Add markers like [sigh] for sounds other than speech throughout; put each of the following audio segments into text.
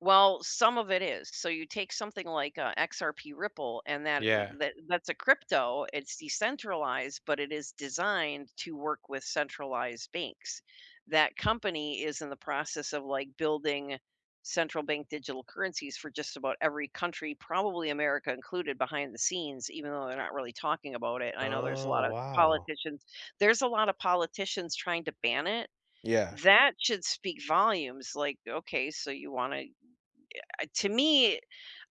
Well, some of it is, so you take something like, uh, XRP Ripple, and that it would Yeah. that that's a crypto, it's decentralized, but it is designed to work with centralized banks. That company is in the process of, like, building central bank digital currencies for just about every country, probably America included behind the scenes, even though they're not really talking about it. I know there's a Oh, lot of wow. politicians there's a lot of politicians trying to ban it. Yeah. That should speak volumes, like, "Okay, so you wanna" uh, to me,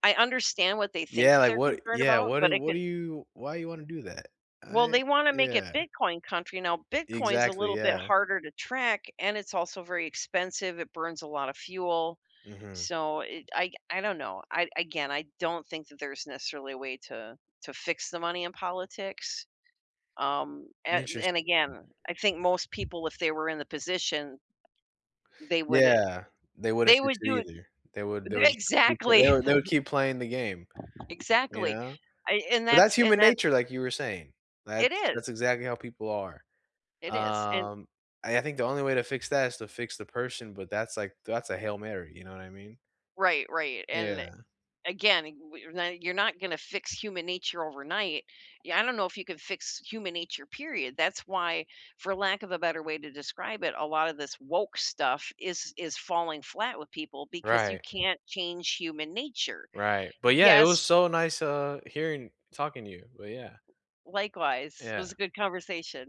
I understand what they think Yeah, that like, they're what concerned yeah, about, what but do it what could do you why you wanna do that? I Well, they want to make it yeah. bitcoin country. Now, Bitcoin's a Exactly, little bit yeah. harder to track, and it's also very expensive, it burns a lot of fuel. Mhm. So, it I c I don't know. I again, I don't think that there's necessarily a way to to fix the money in politics, um, an and Interesting. again, I think most people, if they were in the position they would i Yeah, they wouldn't they fix would it do it either. They would they they would just keep they exactly. would they would [chuckles] keep playing the game, you Exactly, know? I and But that's that's and human that nature, like you were saying, It that's is. that's exactly how people are. It is, and Um, and I think the only way to fix that is to fix the person, but that's, like, that's a Hail Mary, you know what I mean? Right, right, and le Yeah. again, [unintelligible] you're not gonna fix human nature overnight. Yeah, I don't know if you can fix human nature, period. That's why, for lack of a better way to describe it, a lot of this woke stuff is is falling flat with people because you Right. can't change human nature. Right. But, yeah, it Yes was so nice, uh, hearing talking to you, but, yeah. Likewise. It was a Yeah. good conversation.